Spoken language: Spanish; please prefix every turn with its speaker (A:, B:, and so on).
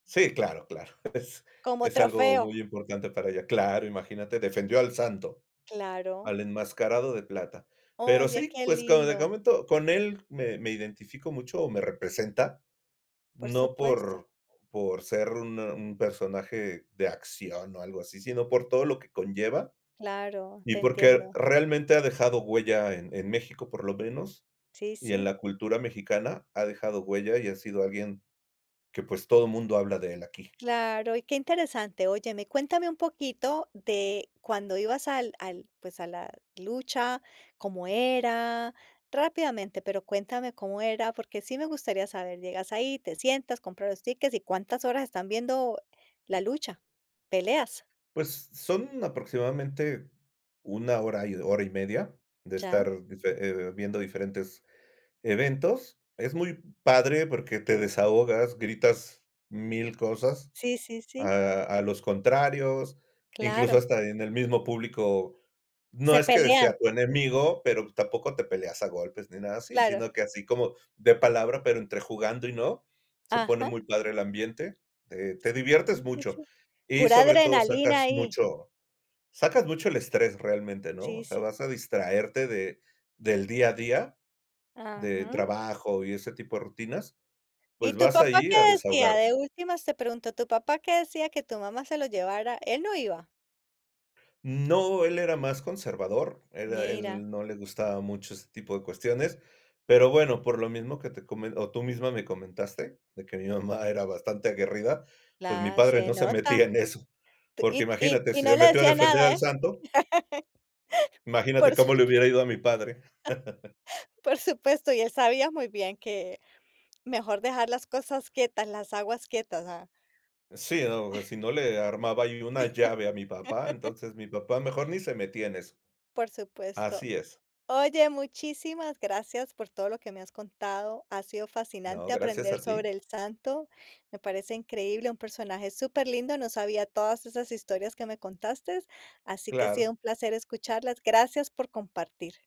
A: Sí, claro, claro.
B: Como
A: Es algo
B: trofeo.
A: muy importante, para ella. Claro, imagínate, defendió al Santo,
B: Claro.
A: al enmascarado de plata. Pero
B: Oye,
A: sí,
B: que
A: pues, como le
B: lindo.
A: comento, con él, me me identifico mucho, o me representa.
B: Por
A: No
B: supuesto.
A: por por ser un un personaje de acción, o algo así, sino, por todo lo que conlleva,
B: Claro.
A: y
B: Te
A: porque
B: entiendo.
A: realmente, ha dejado huella en en México, por lo menos.
B: Sí,
A: Y en
B: sí.
A: la cultura mexicana, ha dejado huella. Y ha sido alguien que, pues, todo mundo habla de él, aquí.
B: Claro, y que interesante. Óyeme, cuéntame un poquito, de cuando ibas al al pues, a la lucha. Cómo era. Rápidamente, pero cuéntame cómo era, porque sí me gustaría saber. Llegas ahí, te sientas, compras los tickets, y cuántas horas están viendo la lucha, peleas.
A: Pues, son aproximadamente, 1 hora, 1:30 de
B: Ya.
A: estar dife eh, viendo diferentes eventos. Es muy padre, porque te desahogas. Gritas 1000 cosas
B: Sí, sí, sí.
A: a a los contrarios, incluso,
B: Claro.
A: hasta en el mismo público. No
B: Se
A: es que
B: pelean.
A: sea tu enemigo, pero tampoco te peleas a golpes, ni nada así,
B: Claro.
A: sino que así como de palabra. Pero entre jugando, y no, se pone
B: Ajá.
A: muy padre el ambiente, eh, te diviertes
B: Sí, sí,
A: mucho.
B: sí.
A: Y
B: Pura
A: sobre todo,
B: adrenalina
A: sacas
B: ahí.
A: mucho sacas mucho el estrés, realmente, ¿no?
B: Sí,
A: O sea,
B: sí.
A: vas a distraerte de del día a día, de
B: Ajá.
A: trabajo, y ese tipo de rutinas.
B: ¿Y
A: Pues,
B: tu
A: vas
B: papá
A: ahí
B: qué
A: a
B: decía?
A: desahogarte.
B: De últimas, te pregunto, ¿tu papá que decía, que tu mamá se lo llevara? ¿Él no iba?
A: No, él era más conservador. Era
B: Mira.
A: él, no le gustaba mucho ese tipo de cuestiones. Pero bueno, por lo mismo que te comen o tú misma me comentaste, de que mi mamá era bastante aguerrida, pues mi
B: La
A: padre
B: se
A: no se metía
B: nota.
A: en eso.
B: T
A: Porque
B: y
A: imagínate,
B: y
A: si
B: no
A: se
B: le
A: metió a
B: decía
A: defender
B: nada,
A: al
B: ¿eh?
A: Santo. Imagínate,
B: Por supues
A: cómo le hubiera ido a mi padre.
B: por supuesto. Y él sabía muy bien, que mejor dejar las cosas quietas, las aguas quietas, ¿ah?
A: Sí, no. Sí no, le armaba ahí una llave a mi papá. Entonces, mi papá, mejor ni se metía en eso.
B: Por supuesto.
A: Así es.
B: Oye, muchísimas gracias, por todo lo que me has contado. Ha sido fascinante,
A: No, gracias
B: aprender
A: a
B: sobre
A: ti.
B: el Santo. Me parece increíble, un personaje súper lindo. No sabía, todas esas historias que me contaste, así que ha sido
A: Claro.
B: un placer escucharlas. Gracias por compartir.